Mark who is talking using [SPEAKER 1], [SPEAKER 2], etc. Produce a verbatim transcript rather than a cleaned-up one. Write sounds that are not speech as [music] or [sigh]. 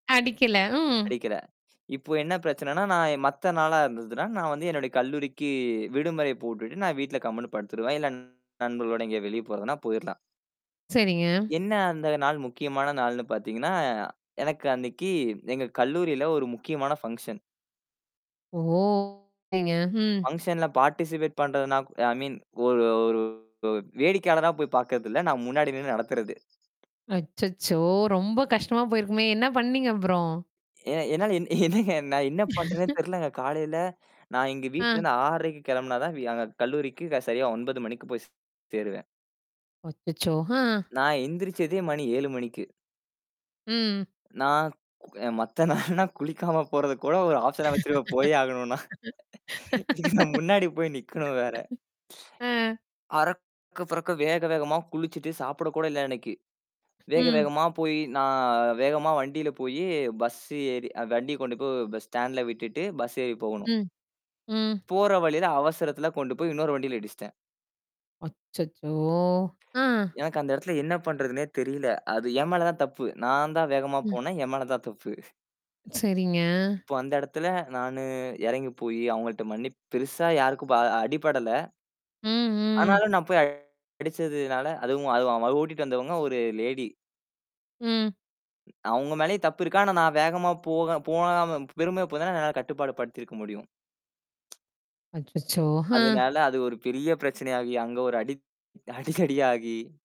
[SPEAKER 1] அடிக்கல. ம்.
[SPEAKER 2] அடிக்கிற. இப்போ என்ன பிரச்சனைன்னா, நான் எ மத்த நாளா இருந்ததுன்னா, நான் வந்து என்னுடைய கல்லூரிக்கு விடுமுறை போட்டுட்டு நான் வீட்ல கம்முன்னு படுத்துருவேன். இல்ல நண்பர்களோட எங்கயாது வெளிய போறதுன்னா போயிரலாம்.
[SPEAKER 1] சரிங்க.
[SPEAKER 2] என்ன அந்த நாள் முக்கியமான நாள்னு பார்த்தீங்கன்னா, எனக்கு அன்னைக்கு எங்க கல்லூரியில ஒரு முக்கியமான பங்ஷன்.
[SPEAKER 1] ஓ. ம்.
[SPEAKER 2] பங்ஷன்ல பார்ட்டிசிபேட் பண்றதுன்னா ஐ மீன் ஒரு ஒரு வேடிக்கையாளரா போய் பார்க்கிறது இல்ல. நான் முன்னாடி நின்னு நடத்துறது.
[SPEAKER 1] அச்சச்சோ! ரொம்ப கஷ்டமா போயிருக்குமே. என்ன பண்ணீங்க அப்புறம்?
[SPEAKER 2] ஏ என்னால என்னங்க நான் என்ன பண்றேன்னே
[SPEAKER 1] [laughs]
[SPEAKER 2] தெரியலங்க. காலையில நான் இங்க வீட்ல
[SPEAKER 1] அ.
[SPEAKER 2] இருந்து ஆறரைக்கு கிளம்பினா தான் எங்க கல்லூரிக்கு சரியா ஒன்பது மணிக்கு போய்ச் சேருவேன்.
[SPEAKER 1] அச்சச்சோ. அ.
[SPEAKER 2] நான் எந்திரிச்சதே மணி ஏழு மணிக்கு.
[SPEAKER 1] ம்.
[SPEAKER 2] நான் அ மத்த நாளெல்லாம் குளிக்காம போறது கூட ஒரு ஆப்ஷனா வச்சிருவேன் போயே ஆகணும்னா. இன்னைக்கு நான் முன்னாடி போய் நிக்கணும் வேற.
[SPEAKER 1] [laughs] அ.
[SPEAKER 2] அரக்க, புரக்க வேக வேகமா குளிச்சிட்டு சாப்பிட கூட இல்ல அன்னைக்கு. வேக
[SPEAKER 1] ம்.
[SPEAKER 2] வேகமா போய் நான் வேகமா வண்டியில போயி பஸ்சு ஏறி வண்டிய கொண்டு போய் ஸ்டாண்ட்ல விட்டுட்டு பஸ் ஏறி போகணும்.
[SPEAKER 1] ம். ம்.
[SPEAKER 2] போற வழியில அவசரத்துல கொண்டு போய் இன்னொரு வண்டியில இடிஸ்ட்டேன்.
[SPEAKER 1] அச்சச்சோ. ஆ.
[SPEAKER 2] எனக்கு அந்த இடத்துல என்ன பண்றதுன்னே தெரியல. அது என் மேல தான் தப்பு. நான் தான் வேகமா
[SPEAKER 1] ம்.
[SPEAKER 2] போனேன். என் மேல தான் தப்பு.
[SPEAKER 1] சரிங்க.
[SPEAKER 2] இப்போ அந்த இடத்துல நானு இறங்கி போய் அவங்கள்ட மன்னிப் பெருசா யாருக்கும் ஆ அடிபடல.
[SPEAKER 1] ம், ம்.
[SPEAKER 2] ஆனாலும் நான் போய் அடிச்சதுனால, அதுவும் அதுவும் ஓட்டிட்டு வந்தவங்க ஒரு லேடி.
[SPEAKER 1] ம்.
[SPEAKER 2] அவங்க மேலயும் தப்பு இருக்கு. ஆனா, நான் வேகமா போக போகாம, பெருமையா போயிருந்தா, நான் கட்டுப்பாடு படுத்திருக்க முடியும்.
[SPEAKER 1] அச்சச்சோ. ஹ.
[SPEAKER 2] அதனால அது ஒரு பெரிய பிரச்சனையாகி அங்க ஒரு அடித் அடி, தடி ஆகி